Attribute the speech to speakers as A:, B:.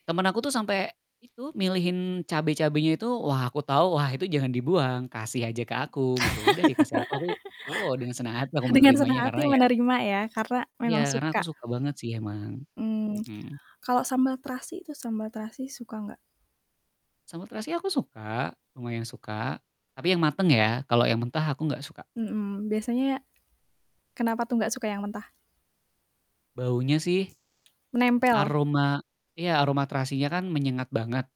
A: Temen aku tuh sampe itu, milihin cabe-cabenya itu, wah, aku tau, wah itu jangan dibuang, kasih aja ke aku gitu, udah dikasih aku, aku, woh, dengan semangat aku
B: Dengan
A: menerimanya,
B: senang
A: karena
B: hati
A: ya
B: menerima ya karena memang
A: ya karena aku
B: suka.
A: suka banget sih emang,
B: Mmm,
A: mhm.
B: kalau sambal terasi itu, sambal terasi suka enggak?
A: Sambel terasinya aku suka, lumayan suka, tapi yang mateng ya, kalo yang mentah aku enggak suka.
B: Mhm, biasanya kenapa tuh enggak suka yang mentah?
A: Baunya sih.
B: Menempel.
A: Aroma iya aroma terasinya kan menyengat banget.